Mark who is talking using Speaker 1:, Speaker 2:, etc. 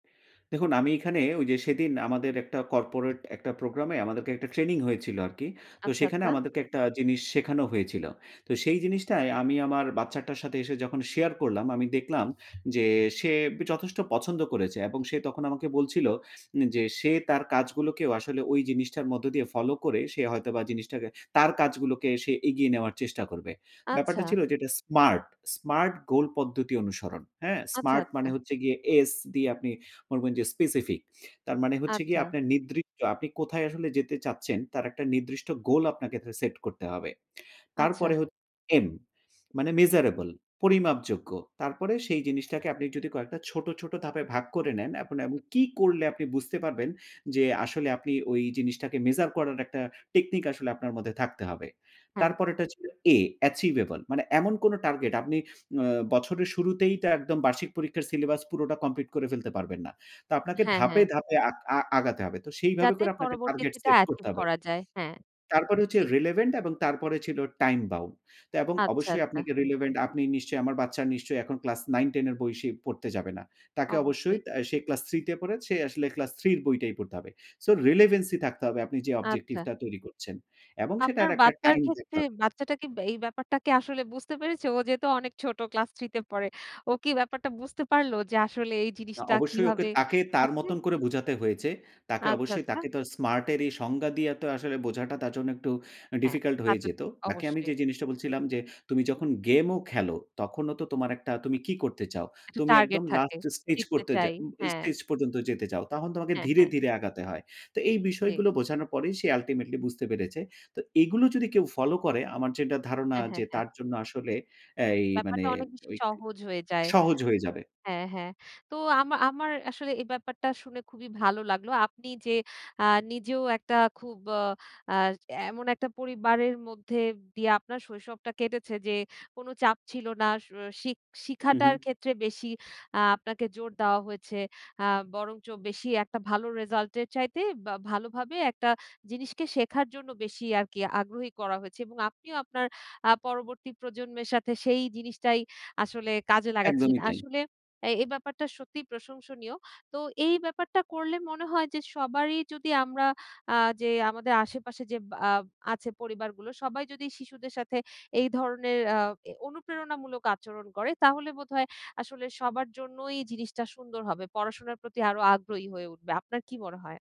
Speaker 1: দেখুন, আমি এখানে ঐ যে সেদিন আমাদের একটা corporate একটা program এ আমাদেরকে একটা training হয়েছিল আরকি। তো
Speaker 2: আচ্ছা,
Speaker 1: সেখানে
Speaker 2: আচ্ছা।
Speaker 1: আমাদেরকে একটা জিনিস শেখানো হয়েছিল। তো সেই জিনিসটাই আমি আমার বাচ্চাটার সাথে এসে যখন share করলাম, আমি দেখলাম যে সে যথেষ্ট পছন্দ করেছে এবং সে তখন আমাকে বলছিল যে সে তার কাজগুলোকেও আসলে ওই জিনিসটার মধ্য দিয়ে follow করে সে হয়তোবা জিনিসটাকে তার কাজগুলোকে সে এগিয়ে নেওয়ার চেষ্টা করবে।
Speaker 2: আচ্ছা।
Speaker 1: ব্যাপারটা ছিল যেটা smart, smart goal পদ্ধতি অনুসরণ। হ্যাঁ
Speaker 2: আচ্ছা,
Speaker 1: smart মানে
Speaker 2: আচ্ছা।
Speaker 1: হচ্ছে গিয়ে এস দিয়ে আপনি বলবেন যে specific তার মানে হচ্ছে গিয়ে
Speaker 2: আচ্ছা।
Speaker 1: আপনার নির্দিষ্ট আপনি কোথায় আসলে যেতে চাচ্ছেন তার একটা নির্দিষ্ট goal আপনাকে থে set করতে হবে।
Speaker 2: আচ্ছা।
Speaker 1: তারপরে হচ্ছে এম মানে measurable পরিমাপযোগ্য। তারপরে সেই জিনিসটাকে আপনি যদি কয়েকটা ছোট, ছোট ধাপে ভাগ করে নেন এখন এমন কি করলে আপনি বুঝতে পারবেন যে আসলে আপনি ওই জিনিসটাকে measure করার একটা technique আসলে আপনার মধ্যে থাকতে হবে।
Speaker 2: হ্যাঁ।
Speaker 1: তারপরেরটা হচ্ছে এ achievable মানে এমন কোন target আপনি উম বছরের শুরুতেই তো একদম বার্ষিক পরীক্ষার syllabus পুরোটা complete করে ফেলতে পারবেন না। তো আপনাকে
Speaker 2: হ্যাঁ, হ্যাঁ।
Speaker 1: ধাপে, ধাপে আক আ আগাতে হবে। তো সেইভাবে
Speaker 2: যাতে
Speaker 1: করে আপনাকে target
Speaker 2: পরবর্তীতে এটা
Speaker 1: set করতে
Speaker 2: achieve
Speaker 1: হবে।
Speaker 2: করা যায় হ্যাঁ,
Speaker 1: তারপরে হচ্ছে
Speaker 2: জি।
Speaker 1: relevant এবং তারপরে ছিল time bound তো এবং
Speaker 2: আচ্ছা,
Speaker 1: অবশ্যই
Speaker 2: আচ্ছা।
Speaker 1: আপনাকে relevant আপনি নিশ্চয়ই আমার বাচ্চা নিশ্চয়ই এখন ক্লাস 9-10 এর বই সে পড়তে যাবে না। তাকে অবশ্যই
Speaker 2: অবশ্যই।
Speaker 1: তা সে ক্লাস 3 তে পড়ে সে আসলে ক্লাস 3 এর বইটাই পড়তে হবে। সো relevancy থাকতে হবে আপনি যে
Speaker 2: আচ্ছা।
Speaker 1: objective টা তৈরি করছেন। এবং সেটার
Speaker 2: আপনার
Speaker 1: একটা
Speaker 2: বাচ্চার
Speaker 1: টাইম
Speaker 2: ক্ষেত্রে
Speaker 1: দেখতে হবে।
Speaker 2: বাচ্চাটা কি ব্যাই এই ব্যাপারটা কি আসলে বুঝতে পেরেছে ও যেহেতু অনেক ছোট ক্লাস 3 তে পড়ে। ও কি ব্যাপারটা বুঝতে পারল? যে আসলে এই
Speaker 1: অ
Speaker 2: জিনিসটা
Speaker 1: অবশ্যই ওকে
Speaker 2: কিভাবে
Speaker 1: তাকে তার
Speaker 2: আছে?
Speaker 1: মতন করে বোঝাতে হয়েছে। তাকে
Speaker 2: আচ্ছা,
Speaker 1: অবশ্যই
Speaker 2: আচ্ছা।
Speaker 1: তাকে তো smart এর এই সংজ্ঞা দিয়ে তো আসলে বোঝাটা তার জন্য একটু আ
Speaker 2: হ্যাঁ,
Speaker 1: difficult
Speaker 2: তা
Speaker 1: হয়ে
Speaker 2: তো
Speaker 1: যেতো।
Speaker 2: ঠিক
Speaker 1: তাকে আমি যে
Speaker 2: অবশ্যই।
Speaker 1: জিনিসটা বলছিলাম, যে তুমি যখন game ও খেলো, তখনও তো তোমার একটা তুমি কি করতে চাও?
Speaker 2: একটা
Speaker 1: তুমি
Speaker 2: টার্গেট
Speaker 1: একদম
Speaker 2: থাকে
Speaker 1: last stage
Speaker 2: জিততে
Speaker 1: করতে যা
Speaker 2: চাই,
Speaker 1: [unintelligible]
Speaker 2: হ্যাঁ।
Speaker 1: stage পর্যন্ত যেতে চাও। তখন তোমাকে
Speaker 2: হ্যাঁ,
Speaker 1: ধীরে,
Speaker 2: হ্যাঁ।
Speaker 1: ধীরে আগাতে হয়। তো এই
Speaker 2: জি।
Speaker 1: বিষয়গুলো বোঝানোর পরেই সে ultimately বুঝতে পেরেছে। তো এগুলো যদি কেউ follow করে আমার যেটা ধারণা
Speaker 2: হ্যাঁ, হ্যাঁ,
Speaker 1: যে
Speaker 2: হ্যাঁ।
Speaker 1: তার জন্য আসলে অ্যা এই মানে
Speaker 2: ব্যাপারটা অনেক বেশি
Speaker 1: ঐইক
Speaker 2: সহজ হয়ে যায়,
Speaker 1: সহজ হয়ে যাবে।
Speaker 2: হ্যাঁ, হ্যাঁ। তো আমা আমার আসলে এই ব্যাপারটা শুনে খুবই ভালো লাগলো। আপনি যে আ নিজেও একটা খুব আ আ এমন একটা পরিবারের মধ্যে দিয়ে আপনার শৈশবটা কেটেছে যে কোন চাপ ছিল না, শো শিখ
Speaker 1: হু,
Speaker 2: শিখাটার
Speaker 1: হু।
Speaker 2: ক্ষেত্রে বেশি আ আপনাকে জোর দেওয়া হয়েছে আ বরঞ্চ বেশি একটা ভালো রিজাল্ট এর চাইতে বা ভালোভাবে একটা জিনিসকে শেখার জন্য বেশি আরকি আগ্রহী করা হয়েছে। এবং আপনিও আপনার আ পরবর্তী প্রজন্মের সাথে সেই জিনিসটাই আসলে কাজে লাগাচ্ছেন।
Speaker 1: একদমই তাই।
Speaker 2: আসলে এই, এই ব্যাপারটা সত্যিই প্রশংসনীয় তো এই ব্যাপারটা করলে মনে হয় যে সবারই যদি আমরা আ যে আমাদের আশেপাশে যে আ আছে পরিবারগুলো সবাই যদি শিশুদের সাথে এই ধরনের আ এ অনুপ্রেরণামূলক আচরণ করে তাহলে বোধহয় আসলে সবার জন্যই জিনিসটা সুন্দর হবে। পড়াশোনার প্রতি আরো আগ্রহী হয়ে উঠবে আপনার কি মনে হয়?